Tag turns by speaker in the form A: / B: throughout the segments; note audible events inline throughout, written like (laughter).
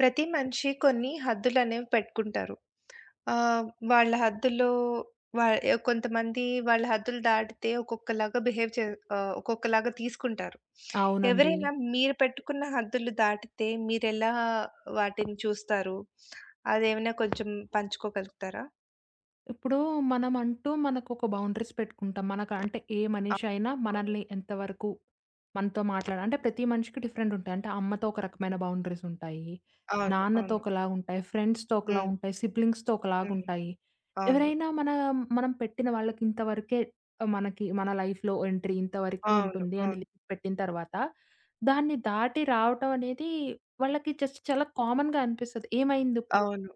A: ప్రతి మనిషి కొన్ని హద్దులనేవి పెట్టుకుంటారు. ఆహ్, వాళ్ళ హద్దుల్లో వ ఆహ్, కొంతమంది వాళ్ళ హద్దులు దాటితే ఒక్కొక్కలాగా బిహేవ్ చే ఆహ్, ఒక్కొక్కలాగా తీసుకుంటారు.
B: అవునండి.
A: ఎవరైనా మీరు పెట్టుకున్న హద్దులు దాటితే మీరెలా వాటిని చూస్తారు? అదేమైనా కొంచెం పంచుకోగలుగుతారా?
B: ఇప్పుడు మనమంటూ మనకొక బౌండరీస్ పెట్టుకుంటాం. మనకంటే ఏ
A: ఆప్
B: మనిషైనా
A: ఓ
B: మనల్ని ఎంతవరకు మనతో మాట్లాడాలి అంటే ప్రతి మనిషికి డిఫరెంట్ ఉంటాయి. అంటే అమ్మతో ఒక రకమైన బౌండరీస్ ఉంటాయి.
A: అవును.
B: నాన్నతో
A: అవును.
B: ఒకలాగుంటాయి ఫ్రెండ్స్‌తో
A: హ్మ్.
B: ఒకలాగుంటాయి. సిబ్లింగ్స్‌తో
A: హ్మ్.
B: ఒకలాగుంటాయి.
A: అవును.
B: ఎవరైనా మన మనం పెట్టిన వాళ్ళకి ఇంతవరకే మనకి మన లైఫ్‌లో ఎంట్రీ ఇంత వరకే
A: అవును.
B: ఉంటుంది అని
A: అవును.
B: లిమిట్ పెట్టిన తరువాత, దాన్ని దాటి రావటం అనేది వాళ్ళకి జస్ట్ చాలా కామన్‌గా అనిపిస్తది. ఏమైందిప్పుడు?
A: అవును.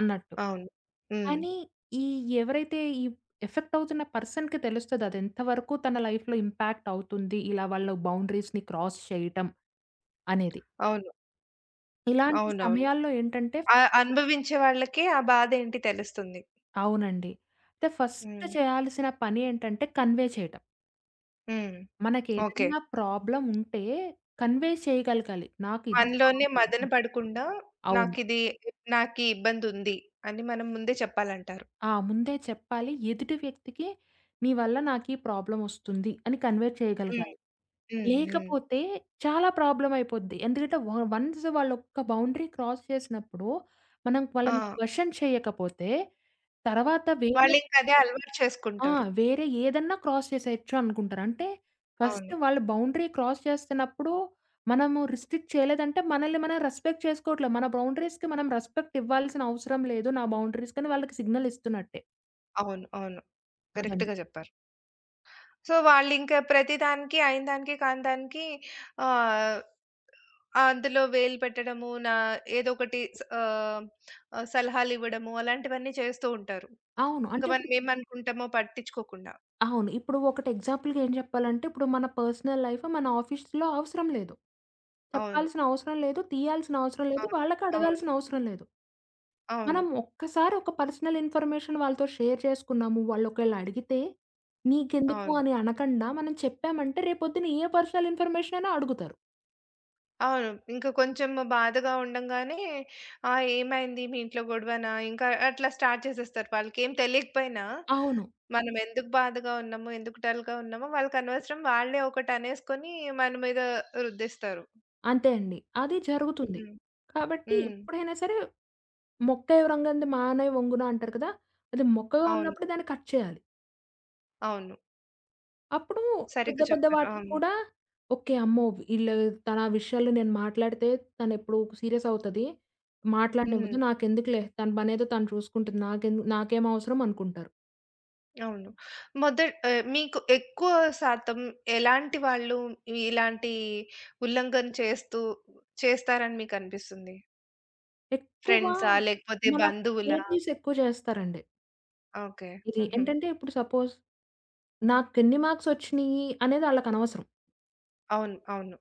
B: అన్నట్టు.
A: అవును. హ్మ్.
B: కానీ, ఈ ఎవరైతే ఈ ఎఫెక్ట్ అవుతున్న పర్సన్‌కి తెలుస్తది అదెంత వరకు తన లైఫ్‌లో ఇంపాక్ట్ అవుతుంది ఇలా వాళ్ళ బౌండరీస్‌ని క్రాస్ చేయటం అనేది.
A: అవును.
B: ఇలాంటి
A: అవునవును.
B: సమయాల్లో ఏంటంటే
A: ఆహ్, అనుభవించే వాళ్ళకే ఆ బాధ ఏంటి తెలుస్తుంది.
B: అవునండి. అంటే ఫస్ట్
A: హ్మ్.
B: చేయాల్సిన పని ఏంటంటే కన్వే చేయటం.
A: హ్మ్. ఓకే.
B: మనకేదన్నా ప్రాబ్లముంటే కన్వే చేయకలగాలి. నాకిది
A: మనలోనే
B: ప్రాబ్లమ్
A: మదన పడకుండా
B: అవును.
A: నాకిది, నాకి ఇబ్బందుంది. అని మనం ముందే చెప్పాలంటారు.
B: ఆ! ముందే చెప్పాలి. ఎదుటి వ్యక్తికి నీ వల్ల నాకీ ప్రాబ్లమొస్తుంది అని కన్వే
A: హ్మ్.
B: చేయగలగాలి.
A: హ్మ్. హ్మ్.
B: లేకపోతే చాలా ప్రాబ్లమయిపోద్ది. ఎందుకంటే వాళ్ళు వన్స్ వాళ్ళు ఒక బౌండరీ క్రాస్ చేసినప్పుడు, మనం వాళ్ళని
A: ఆ!
B: క్యషన్ చేయకపోతే తర్వాత వేరే
A: వాళ్ళింకా అదే అలవాటు
B: ఆ!
A: చేసుకుంటారు.
B: వేరే ఏదన్నా క్రాస్ చేసేయొచ్చు అనుకుంటారు. అంటే ఫస్ట్
A: అవును.
B: వాళ్ళు బౌండరీ క్రాస్ చేస్తన్నప్పుడు మనము రిస్ట్రిక్ట్ చేయలేదంటే, మనల్ని మనం రెస్పెక్ట్ చేసుకోవట్లే. మన బౌండరీస్‌కి మనం రెస్పెక్ట్ ఇవ్వాల్సిన అవసరం లేదు. నా బౌండరీ‌స్‌కని వాళ్ళకి సిగ్నలిస్తున్నట్టే.
A: అవును. అవును.
B: అదండి.
A: కరెక్ట్‌గా జెప్పారు. సో వాళ్ళింకా ప్రతి దానికి అయిన దానికి కానీ దానికి ఆహ్, అందులో వేలు పెట్టడము, నా ఏదొకటి స ఆహ్, ఆహ్, సలహాలివ్వడము. అలాంటివన్నీ చేస్తూ ఉంటారు.
B: అవును.
A: ఇంక మనం
B: అంటెప్పుడు
A: ఏమనుకుంటామో పట్టించుకోకుండా.
B: అవును. ఇప్పుడూ ఒకటి ఎగ్జాంపుల్‌గా ఏం జెప్పాలంటే, ఇప్పుడు మన పర్సనల్ లైఫ్ మన ఆఫీస్‌లో అవసరం లేదు.
A: అవును.
B: చెప్పాల్సిన అవసరం లేదు. తీయాల్సిన అవసరం లేదు.
A: అవును.
B: వాళ్ళకి
A: అవును.
B: అడగాల్సిన అవసరం లేదు.
A: అవును.
B: మనం ఒక్కసారి ఒక పర్సనల్ ఇన్‌ఫ‌ర్‌మేషన్ వాళ్ళతో షేర్ చేసుకున్నాము, వాళ్ళొకేళడిగితే నీకెందుకు
A: అవును.
B: అని అనకండా మనం చెప్పామంటే, రేపొద్దున ఏ పర్సనల్ ఇన్‌ఫర్‌మేషనైనా అడుగుతారు.
A: అవును. ఇంకా కొంచెము బాధగా ఉండగానే, "ఆ ఏమైంది? మీ ఇంట్లో గొడవనా?" ఇంకా అట్లా స్టార్ట్ జేసేస్తారు. వాళ్ళకేం తెలీకపోయినా,
B: అవును.
A: మనమెందుకు బాధగా ఉన్నామో ఎందుకు డల్‌గా ఉన్నామో వాళ్ళకనవసరం. వాళ్ళే ఒకటనేసుకొని మన మీద రుద్దేస్తారు.
B: అంతే అండి. అది జరుగుతుంది.
A: హ్మ్.
B: కాబట్టి,
A: హ్మ్.
B: ఎప్పుడైనా సరే 'మొక్కై వ్రంగనిది మానై వంగున' అంటారు కదా! అది మొక్కగా
A: అవును.
B: ఉన్నప్పుడే దాన్ని కట్ చేయాలి.
A: అవును.
B: అప్పుడు పెద్ద
A: సరిగ్గా
B: పెద్ద
A: చెప్పారు.
B: వాటికి
A: అవును.
B: కూడా ఓకే. అమ్మో! వి ఈళ్ళు తన విషయాలు నేను మాట్లాడితే తనెప్పుడు సీరియస్ అవుతది. మాట్లాడనివ్వదు.
A: హ్మ్.
B: నాకెందుకులే తన పనేదో తను చూసుకుంటుంది. నాకేందు నాకేం అవసరం అనుకుంటారు.
A: అవును. మొదట ఆహ్, మీకెక్కువ శాతం ఎలాంటి వాళ్ళు ఇలాంటి ఉల్లంఘన చేస్తూ చేస్తారని మీకనిపిస్తుంది?
B: ఎక్కువ
A: ఫ్రెండ్సా లేకపోతే
B: మన
A: బంధువులా?
B: రిలేటివ్స్ ఎక్కువ జేస్తారండి.
A: ఓకే.
B: ఇది
A: హుహు.
B: ఏంటంటే, ఇప్పుడు సపోజ్ నాకెన్ని మార్క్స్ ఒచ్చినాయి అనేది ఆళ్ళకనవసరం.
A: అవును. అవును.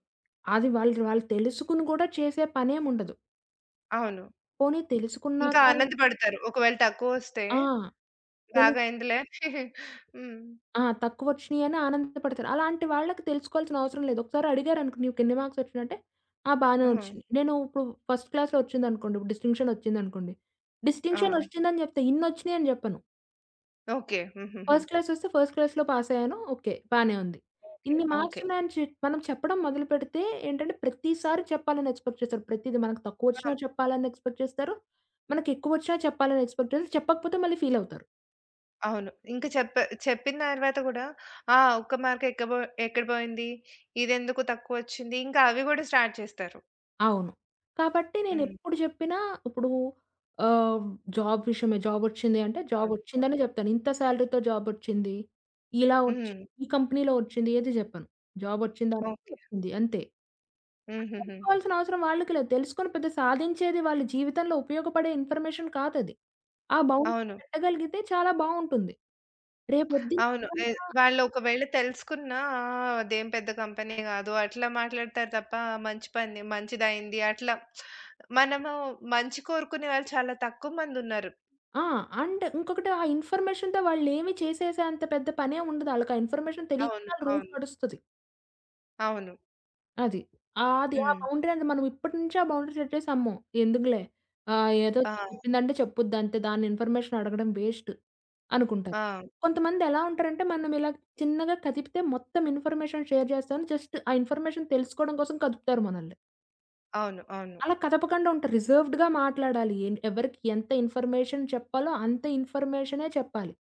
B: అది వాళ్ళు వాళ్ళు తెలుసుకొని గూడా చేసే పనేం ఉండదు.
A: అవును.
B: పోనీ
A: ఇంకా
B: తెలుసుకున్నాక
A: ఆనందబడతారు. ఒకవేళ తక్కువొస్తే,
B: ఆ! తెలు
A: బాగా అయిందిలే. (chuckles) హ్మ్.
B: ఆ! తక్కువొచ్చినీయని ఆనందపడతారు. అలాంటి వాళ్ళకి తెలుసుకోవాల్సిన అవసరం లేదు. ఒకసారి అడిగారనుకోండి నీకెన్ని మార్క్సొచ్చినియంటే, ఆ! బానే
A: ఆహా!
B: ఒచ్చినియి. నేను ఇప్పుడు ఫస్ట్ క్లాస్‌లో ఒచ్చిందనుకోండి. ఇప్పుడు డిస్టింక్షనొచ్చిందనుకోండి.
A: ఆ!
B: డిస్టింక్షనొచ్చిందని జెప్తే ఇన్నొచ్చినియని జెప్పను.
A: ఓకే. హుహుహు.
B: ఫస్ట్ క్లాసొస్తే, ఫస్ట్ క్లాస్‌లో పాసయ్యాను. ఓకే. బానే ఉంది.
A: ఓకే.
B: ఇన్ని
A: ఓకే.
B: మార్క్సున్నాయని చె మనం చెప్పడం మొదలు పెడితే ఏంటంటే, ప్రతిసారి చెప్పాలని ఎక్స్‌పెక్ట్ చేస్తారు. ప్రతీది మనకు
A: ఆ!
B: తక్కువొచ్చినా చెప్పాలని ఎక్స్‌పెక్ట్ చేస్తారు. మనకు ఎక్కువొచ్చినా చెప్పాలని ఎక్స్‌పెక్ట్ చెప్పకపోతే మళ్ళీ ఫీలవుతారు.
A: అవును. ఇంక చెప్ చెప్పిన దర్వాత గూడా ఆ ఒక్క మార్క్ ఎక్క బొ ఎక్కడ బోయింది? ఇదెందుకు తక్కువొచ్చింది? ఇంకా అవి గూడా స్టార్ట్ చేస్తారు.
B: అవును. కాబట్టి
A: హ్మ్.
B: నేనెప్పుడు జెప్పినా ఇప్పుడు ఆహ్, జాబ్ విషయమే జాబొచ్చింది అంటే
A: అవును. అవును.
B: జాబొచ్చిందనే జెప్తాను. ఇంత సాలరీ‌తో జాబొచ్చింది ఇలా ఒచ్చి
A: హ్మ్.
B: ఈ కంపెనీలో ఒచ్చింది ఏది జెప్పను. జాబొచ్చిందా
A: (smacks lips)
B: అంటే
A: ఓకే.
B: ఒచ్చింది అంతే. అది
A: హుహుహు.
B: తెలుసుకోవాల్సినవసరం వాళ్ళకి లేదు. తెలుసుకొని పెద్ద సాధించేది వాళ్ళ జీవితంలో ఉపయోగపడే ఇన్‌ఫర్‌మేషన్ కాదది. ఆ బౌండరీ
A: అవును.
B: పెట్టగలిగితే చాలా బావుంటుంది.
A: అవును. ఏ
B: రేపొద్దునేమన్నా
A: వాళ్ళొకవేళ తెలుసుకున్నా అదేం పెద్ద కంపెనీ గాదు. అట్లా మాట్లాడుతారు తప్ప మంచి పని మంచిదయింది. అట్లా మనము మంచి కోరుకునే వాళ్ళు చాలా తక్కువ మందున్నారు.
B: ఆ! అండ్ ఇంకొకటి. ఆ ఇన్‌ఫర్‌మేషన్‌తో వాళ్ళేమి చేసేసే అంత పెద్ద పనేముండదు. ఆళ్ళకా ఇన్‌ఫర్‌మేషన్ తెలీక
A: అవును.
B: ఆళ్ళ రూట్
A: అవును.
B: నడుస్తది.
A: అవును.
B: అది. ఆ! అది ఆ
A: హ్మ్.
B: బౌండరీ అనేది మనమిప్పటి నుంచే ఆ బౌండరీ సెట్ చేసి, అమ్మో! ఎందుకులే ఆహ్, ఏదో
A: ఆ!
B: చెప్పిందంటే చెప్పుద్ది అంతే దాన్ని ఇన్‌ఫర్మేషన్ అడగడం వేస్ట్ అనుకుంటారు.
A: ఆ!
B: కొంతమందెలా ఉంటారంటే, మనమిలా చిన్నగా కదిపితే మొత్తం ఇన్‌ఫర్మేషన్ షేర్ జేస్తామని, జస్ట్ ఆ ఇన్ఫర్మేషన్ తెలుసుకోవడం కోసం కదుపుతారు మనల్ని.
A: అవును. అవును.
B: అలా కదపకండా ఉంటారు. రిజర్వుడ్‌గా మాట్లాడాలి ఎన్ ఎవరికీ ఎంత ఇన్‌ఫర్మేషన్ చెప్పాలో అంత ఇన్‌ఫర్మేషనే చెప్పాలి.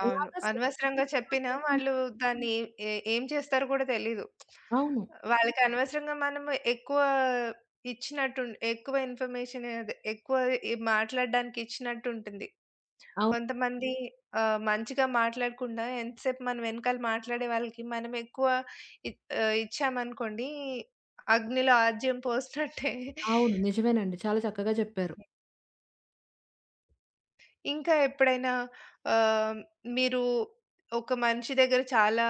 A: అవును.
B: అలాగ
A: అనవసరంగా చెప్పిన
B: (unintelligible)
A: వాళ్ళు దాన్ని ఎ ఏం చేస్తారో గూడా తెలీదు. (smacks lips)
B: అవును.
A: వాళ్ళకి అనవసరంగా మనము ఎక్కువ ఇచ్చినట్టు ఉంటు ఎక్కువ ఇన్‌ఫర్మేషను, అదె ఎక్కువ ఇ మాట్లాడడానికిచ్చినట్టుంటుంది.
B: అవును.
A: కొంతమంది ఆహ్, మంచిగా మాట్లాడకుండా ఎంత సేపు మన వెనకాల మాట్లాడే వాళ్ళకి మనమెక్కువ ఇ ఆహ్, ఇచ్చామనుకోండి అగ్నిలో ఆద్యం పోసినట్టే. (chuckles)
B: అవును. నిజమేనండి. చాలా చక్కగా జెప్పారు.
A: ఇంకా ఎప్పుడైనా ఆహ్, మీరు ఒక మనిషి దగ్గర చాలా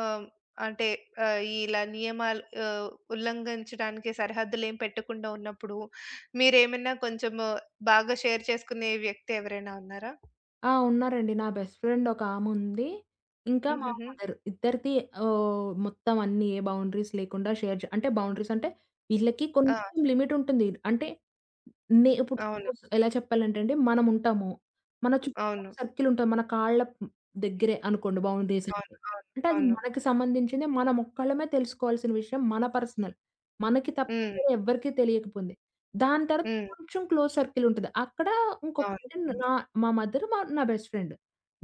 A: ఆహ్, అంటే ఆహ్, ఇలా నియమాలు ఆహ్, ఉల్లంఘించడానికి సరిహద్దులేం పెట్టకుండా ఉన్నప్పుడు. మీరేమైనా కొంచెము బాగా షేర్ చేసుకునే వ్యక్తి ఎవరైనా ఉన్నారా?
B: ఆ! ఉన్నారండి. నా బెస్ట్ ఫ్రెండ్ ఒకాముంది. ఇంకా మా
A: హుహుహు.
B: మదర్. ఇద్దరిది ఆహ్, మొత్తం అన్నీ ఏ బౌండరీస్ లేకుండా షేర్ జె అంటే బౌండరీస్ అంటే, ఈళ్ళకి
A: ఆ!
B: కొంచెం లిమిట్ ఉంటుంది. అంటే నే ఇప్పుడు
A: అవును.
B: సపోజ్ ఎలా చెప్పాలంటే అండి మనముంటాము, మన చుట్టూ ఒక
A: అవును.
B: సర్కిల్ ఉంటది. మన కాళ్ళ దగ్గరే అనుకోండి బౌండరీస్
A: అవును.
B: అంటే.
A: అవును.
B: అంటే అది
A: అవును.
B: మనకి సంబంధించినదే మనం ఒక్కళ్ళమే తెలుసుకోవాల్సిన విషయం మన పర్సనల్. మనకి తప్ప
A: హ్మ్.
B: వేరే ఎవ్వరికీ తెలియకపోయింది. దాని తర్వాత
A: హ్మ్.
B: కొంచెం క్లోజ్ సర్కిల్ ఉంటది. అక్కడ
A: అవును.
B: ఇంకొటి
A: హ్మ్.
B: నా మా మదర్ మ నా బెస్ట్ ఫ్రెండ్.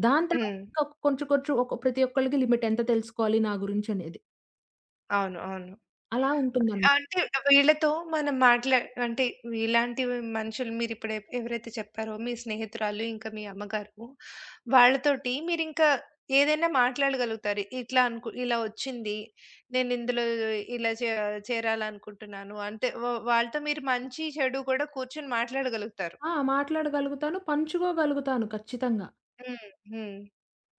B: దాని తర్వాత
A: హ్మ్.
B: ఇంకా కొంచెం కొంచెం ఒక ప్రతి ఒక్కళ్ళకి లిమిట్ ఎంత తెలుసుకోవాలి నా గురించనేది.
A: అవును. అవును.
B: అలా ఉంటుందన్
A: అంటే ఆహ్, వీళ్ళతో మనం మాట్లాడి అంటే ఇలాంటి మనుషులు మీరు ఇప్పుడు ఎ ఎవరైతే చెప్పారో, మీ స్నేహితురాలు ఇంకా మీ అమ్మగారు. వాళ్ళతోటి మీరింకా ఏదైనా మాట్లాడగలుగుతారు. ఇట్లా అంకు ఇలా ఒచ్చింది. నేనిందులో ఇలా చే చేరాలి అనుకుంటున్నాను. అంటే వ వాళ్ళతో మీరు మంచి చెడు గూడా కూర్చొని మాట్లాడగలుగుతారు.
B: ఆ! మాట్లాడగలుగుతాను. పంచుకోగలుగుతాను ఖచ్చితంగా.
A: హ్మ్. హ్మ్.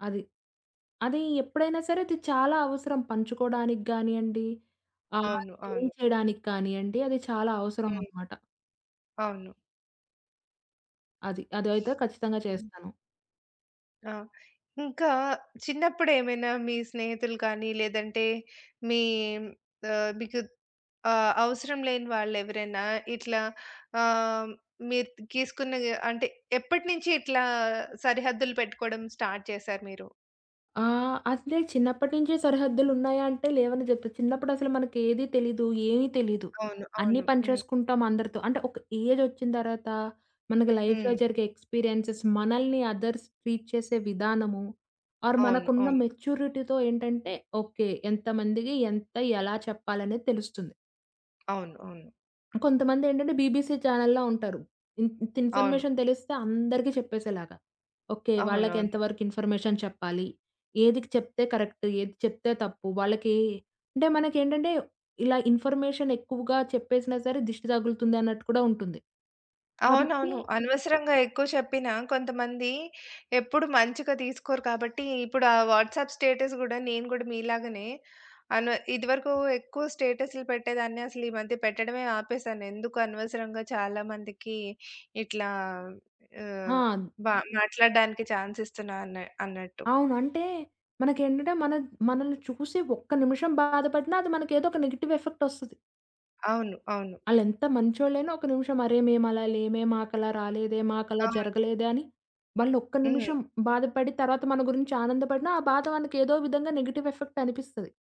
B: అది. అది ఎప్పుడైనా సరే అది చాలా అవసరం పంచుకోవడానికి గానియండి, ఆహ్,
A: అవును.
B: అది
A: అవును.
B: తెలియచేయడానికి కానియండి. అది చాలా
A: హ్మ్.
B: అవసరమనమాట.
A: అవును.
B: అది. అదైతే ఖచ్చితంగా
A: హ్మ్.
B: చేస్తాను.
A: ఆ! ఇంకా చిన్నప్పుడేమైనా మీ స్నేహితులు కానీ, లేదంటే మీ ఆహ్, మీకు ఆహ్, అవసరం లేని వాళ్ళెవరైనా ఇట్లా ఆహ్, మీరు తీసుకున్న అంటే ఎప్పటి నుంచి ఇట్లా సరిహద్దులు పెట్టుకోవడం స్టార్ట్ చేసారు మీరు?
B: ఆ! అసలే చిన్నప్పటినుంచి సరిహద్దులున్నాయా అంటే, లేవని జెప్పొచ్చు. చిన్నప్పుడసలు మనకేది తెలీదు, ఏమీ తెలీదు.
A: అవును.
B: అన్నీ
A: అవును.
B: పని
A: హ్మ్.
B: చేసుకుంటాం అందరితో. అంటే ఒక ఏజొచ్చిన తర్వాత, మనకు లైఫ్‌లో
A: హ్మ్.
B: జరిగే ఎక్స్‌పీరియెన్స్‌స్, మనల్ని అదర్స్ ట్రీట్ చేసే విధానము, ఆర్
A: అవును.
B: మనకున్న
A: అవును.
B: మెచ్యూరిటీతో ఏంటంటే, ఓకే. ఎంతమందికి, ఎంత, ఎలా చెప్పాలనేది తెలుస్తుంది.
A: అవును. అవును.
B: కొంతమందేంటంటే, బీబీసీ ఛానెల్‌లా ఉంటారు. ఇ ఇంత
A: అవును.
B: ఇన్‌ఫర్మేషన్ తెలిస్తే అందరికి చెప్పేసేలాగా. ఓకే.
A: అవునవును.
B: వాళ్ళకేంతవరకు ఇన్‌ఫర్మేషన్ చెప్పాలి? ఏదికి చెప్తే కరెక్ట్? ఏది చెప్తే తప్పు? వాళ్ళకి అంటే మనకేంటంటే ఇలా ఇన్‌ఫర్మేషన్ ఎక్కువగా చెప్పేసినా సరే దిష్టి తగులుతుందన్నట్టు కూడా ఉంటుంది. కాబట్టి
A: అవునవును. అనవసరంగా ఎక్కువ చెప్పిన కొంతమంది ఎప్పుడు మంచిగా తీసుకోరు కాబట్టి, ఇప్పుడు ఆ వాట్సాప్ స్టేటస్ గూడా నేను గూడా మీలాగనే అనవ ఇది వరకు ఎక్కువ స్టేటసులు పెట్టేదాన్ని. అసలీ మధ్య పెట్టడమే ఆపేసాను. ఎందుకు అనవసరంగా చాలా మందికి ఇట్లా ఆహ్,
B: ఆ!
A: బ మాట్లాడడానికి ఛాన్స్ ఇస్తున్నా అన అన్నట్టు.
B: అవును. అంటే మనకేంటంటే, మన మనల్ని చూసి ఒక్క నిమిషం బాధపడినా అది మనకేదో ఒక నెగెటివ్ ఎఫెక్ట్ ఒస్తది.
A: అవును. అవును.
B: ఆళేంత మంచోళ్ళయినా ఒక నిమిషం అరే! మేమలా లేమే, మాకు అలా రాలేదే, మాకలా
A: అవును.
B: జరగలేదే అని వాళ్ళు ఒక్క
A: హ్మ్.
B: నిమిషం బాధపడి తర్వాత మన గురించి ఆనందపడిన ఆ బాధ మనకు ఏదో విధంగా నెగెటివ్ ఎఫెక్ట్ అనిపిస్తది.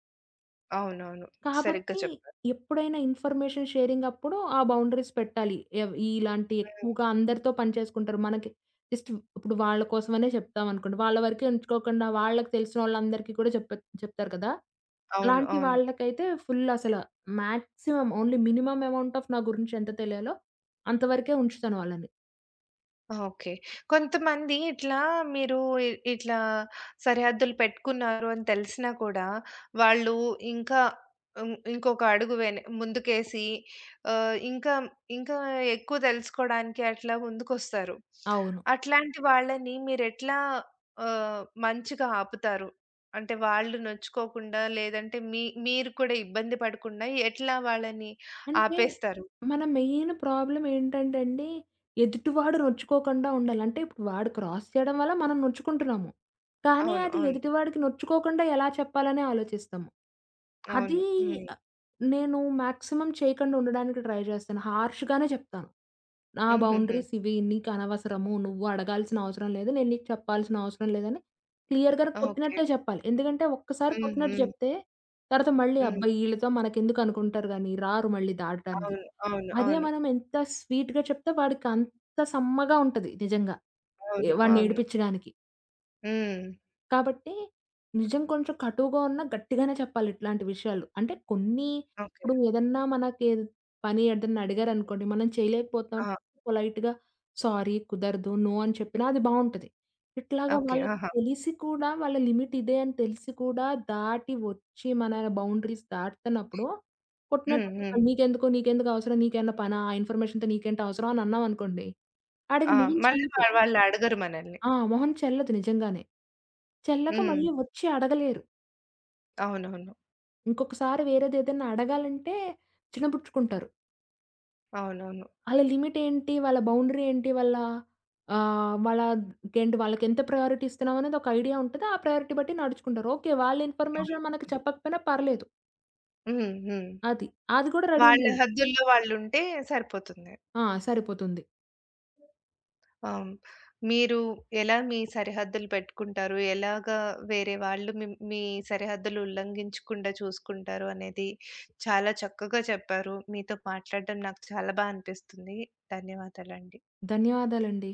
A: అవునవును. సరిగ్గా
B: కాబట్టి
A: చెప్పారు.
B: ఎప్పుడైనా ఇన్ఫర్మేషన్ షేరింగప్పుడు ఆ బౌండరీస్ పెట్టాలి. ఏవ్ ఇలాంటివి
A: హ్మ్.
B: ఎక్కువగా అందరితో పనిచేసుకుంటారు మనకి జస్ట్ ఇప్పుడు వాళ్ళ కోసమనే జెప్తామనుకోండి, వాళ్ళ వరకే ఉంచుకోకుండా వాళ్ళకి తెలిసినోళ్ళందరికి కూడా చెప చెప్తారు కదా!
A: అవును.
B: అలాంటి
A: అవును.
B: వాళ్ళకైతే ఫుల్ అసల maximum only minimum amount of నా గురించి ఎంత తెలియాలో అంత వరకే ఉంచుతాను వాళ్ళని.
A: ఓకే. కొంతమంది ఇట్లా మీరు ఇట్లా సరిహద్దులు పెట్టుకున్నారు అని తెలిసినా కూడా వాళ్ళు ఇంకా ఇం ఇంకొక అడుగు వెన ముందుకేసి ఆహ్, ఇంకా ఇంకా ఎక్కువ తెలుసుకోవడానికి అట్లా ముందుకొస్తారు.
B: అవును.
A: అట్లాంటి వాళ్ళని మీరేట్లా ఆహ్, మంచిగా ఆపుతారు? అంటే వాళ్ళు నొచ్చుకోకుండా లేదంటే మీ మీరు కూడా ఇబ్బంది పడకుండా ఎట్లా వాళ్ళని
B: అంటే
A: ఆపేస్తారు?
B: మన మెయిన్ ప్రాబ్లమ్ ఏంటంటే అండి ఎదుటివాడు నొచ్చుకోకండా ఉండాలి. అంటే ఇప్పుడు వాడు క్రాస్ చేయడం వల్ల మనం నొచ్చుకుంటున్నాము. కానీ
A: అవును.
B: అది
A: అవును.
B: ఎదుటివాడికి నొచ్చుకోకండా ఎలా చెప్పాలనే ఆలోచిస్తాము.
A: అవును.
B: అదీ
A: హ్మ్.
B: ఆ నేను మాక్సిమం చేయకుండా ఉండడానికి ట్రై జేస్తాను, హార్ష్‌గా‌నే జేప్తాను. నా
A: హుహుహు.
B: బౌండరీస్ ఇవి. నీకనవసరము నువ్వు అడగాల్సిన అవసరం లేదు నేను నీకు చెప్పాల్సిన అవసరం లేదని క్లియర్‌గానే
A: ఓకే.
B: కొట్టినట్టే చెప్పాలి. ఎందుకంటే ఒక్కసారి
A: హ్మ్.
B: కొట్టినట్టు
A: హ్మ్.
B: జెప్తే తర్వాత మళ్ళీ
A: హ్మ్.
B: అబ్బా! ఇళ్ళతో మనకెందుకనుకుంటారు గానీ రారు మళ్ళీ దాటడానికి.
A: అవును. అవును.
B: అదే
A: అవును.
B: మనం ఎంత స్వీట్‌గా చెప్తే వాడికంత సమ్మగా ఉంటది నిజంగా, ఏ
A: అవును.
B: వాడిని
A: అవును.
B: ఏడిపించడానికి.
A: హ్మ్.
B: కాబట్టి నిజం కొంచెం కటువుగా ఉన్న గట్టిగానే చెప్పాలి ఇట్లాంటి విషయాలు. అంటే కొన్ని
A: ఓకే.
B: ఇప్పుడు ఏదన్నా మనకి ఏద్ పని ఏదైనా అడిగారనుకోండి మనం చేయలేకపోతున్నాం
A: ఆ!
B: పొలైట్‌గా సారీ కుదరదు నో అని చెప్పినా అది బావుంటది. ఇట్లాగా
A: ఓకే.
B: వాళ్ళకి
A: ఆహా!
B: తెలిసి కూడా వాళ్ళ లిమిట్ ఇదే అని తెలిసి కూడా దాటి ఒచ్చి మన బౌండరీస్ దాటుతున్నప్పుడు,
A: హ్మ్.
B: కొట్టినట్టు
A: హ్మ్.
B: చెప్పాలి నీకెందుకు నీకెందుకు అవసరం నీకు ఏమన్నా పనా ఇన్ఫర్మేషన్‌తో నీకేంటి అవసరం అని అన్నామనుకోండి ఆడికి
A: ఆ!
B: మొహం
A: మళ్ళీ
B: ‌చెల్లదు.
A: వా వాళ్ళడగరు మనల్ని.
B: ఆ! మొహం చెల్లదు నిజంగానే. చెల్లక
A: హ్మ్.
B: మళ్ళీ ఒచ్చి అడగలేరు.
A: అవునవును.
B: ఇంకొకసారి వేరేదేదైనా అడగాలంటే చినపుచ్చుకుంటారు.
A: అవునవును.
B: ఆళ్ళ లిమిట్ ఏంటి? వాళ్ళ బౌండరీ ఏంటి? వాళ్ళ ఆ! వాళ్ళ గేంటి వాళ్ళకేంత ప్రయారిటీ ఇస్తున్నామనేది ఒక ఐడియా ఉంటది. ఆ ప్రయారిటీ బట్టి నడుచుకుంటారు. ఓకే. వాళ్ళ
A: అవును.
B: ఇన్ఫర్మేషన్ మనకు చెప్పకపోయినా పర్లేదు.
A: హ్మ్. హ్మ్.
B: అది. అది కూడా రెడీ
A: వాళ్ళ
B: ఉండాలి.
A: హద్దుల్లో వాళుంటే సరిపోతుంది.
B: ఆ! సరిపోతుంది.
A: అవును. మీరు ఎలా మీ సరిహద్దులు పెట్టుకుంటారు? ఎలాగా వేరే వాళ్ళు మిం మీ సరిహద్దులు ఉల్లంఘించకుండా చూసుకుంటారు? అనేది చాలా చక్కగా చెప్పారు. మీతో మాట్లాడటం నాకు చాలా బా అనిపిస్తుంది ధన్యవాదాలండి.
B: ధన్యవాదాలండి.